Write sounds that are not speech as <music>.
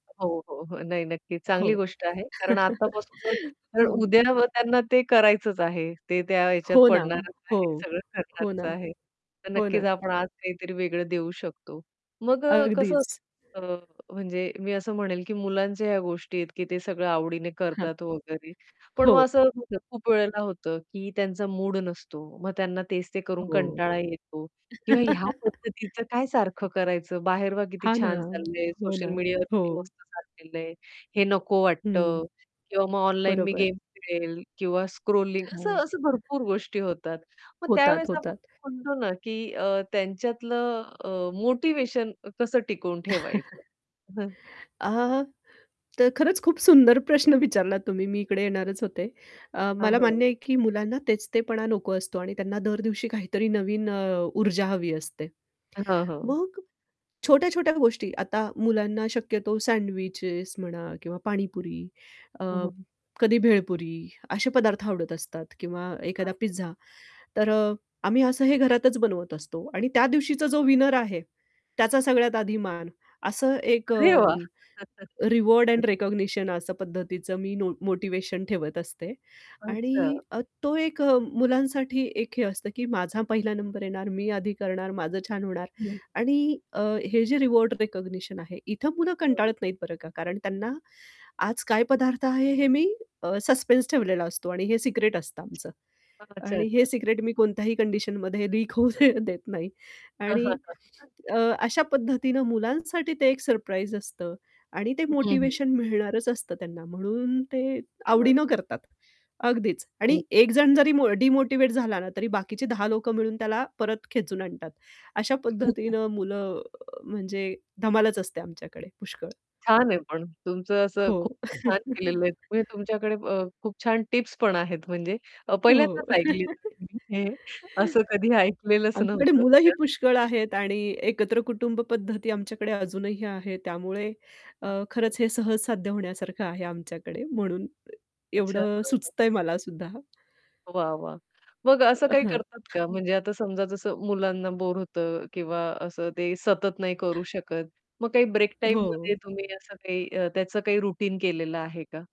हो, हो, हो. नाही नक्की. हो. चांगली <chuckles> गोष्ट आहे. कारण आत्तापासून तर हो. उद्या <unintelligible> त्यांना ते करायचंच आहे. ते त्या ह्याच्यात हो ना ओ, पडणारच हो. आहे, सगळं हो करणारच ना, आहे, तर हो ना. नक्कीच आपण आज काहीतरी वेगळं देऊ शकतो मग अ, कसं अगदीच. अ म्हणजे मी असं म्हणेल, की मुलांच्या ह्या गोष्टी आहेत, की ते सगळं आवडीने हं. करतात वगैरे, पण हो. मग असं <unintelligible> <unintelligible> खूप वेळेला होतं, की त्यांचा मूड नसतो मग त्यांना तेच ते करून हो. कंटाळा येतो किंवा ह्या <chuckles> पद्धतीच काय सारखं करायचं, बाहेर <unintelligible> किती हां ना, छान चाललंय हो ना. सोशल मीडियावर किती हो. मस्त चाललेलं आहे. हे नको वाटतं हं. किंवा मग ऑनलाईन मी बरोबर. गेम खेळेल किंवा स्क्रॉलिंग असं, हां. असं भरपूर गोष्टी होतात. मग होतात, त्यावेळेस आपण होतात. म्हणतो ना की अ, त्यांच्यातलं अ, मोटिव्हेशन कसं टिकवून ठेवायचं <chuckles> हं. अ, तर खरंच खूप सुंदर प्रश्न विचारलात तुम्ही, मी इकडे येणारच होते. अ, हां. मला हो. मान्य आहे, की मुलांना तेच ते पणा नको असतो आणि त्यांना दर दिवशी काहीतरी नवीन अ, ऊर्जा हवी असते. हां, हो. मग छोट्या-छोट्या गोष्टी, आता मुलांना शक्यतो सँडविचेस म्हणा किंवा पाणीपुरी, अ, हं, हं. कधी भेळपुरी असे पदार्थ आवडत असतात किंवा एखादा <unintelligible> पिझ्झा. तर अ, आम्ही असं हे घरातच बनवत असतो आणि त्या दिवशीचा जो विनर आहे, त्याचा सगळ्यात आधी मान. असं एक अरे अ, वाह! रिवॉर्ड <chuckles> एंड रिकॉग्निशन असं पद्धतीचं मी नो मोटिव्हेशन ठेवत असते. आणि अच्छा. अ, तो एक अ, मुलांसाठी एक हे असतं, की माझा पहिला नंबर येणार, मी आधी करणार, माझं छान होणार. हं. आणि अ, हे जे रिवॉर्ड रिकॉग्निशन आहे, इथं पुन्हा कंटाळत <unintelligible> नाहीत बरं का? कारण त्यांना आज काय पदार्थ आहे हे मी अ, सस्पेन्स ठेवलेला असतो आणि हे सिक्रेट असतं आमचं. अच्छा, आणि हे अच्छा. सिक्रेट मी कोणत्याही कंडिशनमध्ये लीक होऊ देत नाही. हां, हां, आणि हां. अ, अशा पद्धतीने मुलांसाठी ते एक सरप्राईज असतं आणि ते हं, हं. मोटिव्हेशन मिळणारच असतं त्यांना म्हणून ते <unintelligible> आवडीनं करतात. अगदीच, हं. आणि 1 जण जरी मो डिमोटिव्हेट झाला ना तरी बाकीची 10 लोकं मिळून त्याला परत खेचून आणतात. अशा <chuckles> पद्धतीनं मुलं अ, म्हणजे धमालच असते आमच्याकडे पुष्कळ. छान आहे पण तुमचं असं खूप हो. छान <chuckles> केलेलं आहे. म्हणजे तुमच्याकडे अ, खूप छान टिप्स पण आहेत, म्हणजे अ, हो. पहिल्यांदाच ऐकली <chuckles> हे असं कधी ऐकलेलंच आमच्याकडे नव्हतं. मुलंही पुष्कळ <unintelligible> आहेत आणि एकत्र कुटुंब पद्धती आमच्याकडे अजूनही आहे. त्यामुळे अ, खरंच <unintelligible> हे सहज साध्य होण्यासारखं आहे आमच्याकडे म्हणून अच्छा. एवढं हां, हां. सुचतंय मला सुद्धा. वाह, वाह! मग असं अ, काही हां. करतात का? म्हणजे आता समजा जसं मुलांना बोर होतं किंवा असं ते सतत नाही करू शकत. मग काही ब्रेक हो. टाईममध्ये तुम्ही असं काही अ, त्याचं काही रूटीन केलेलं आहे का?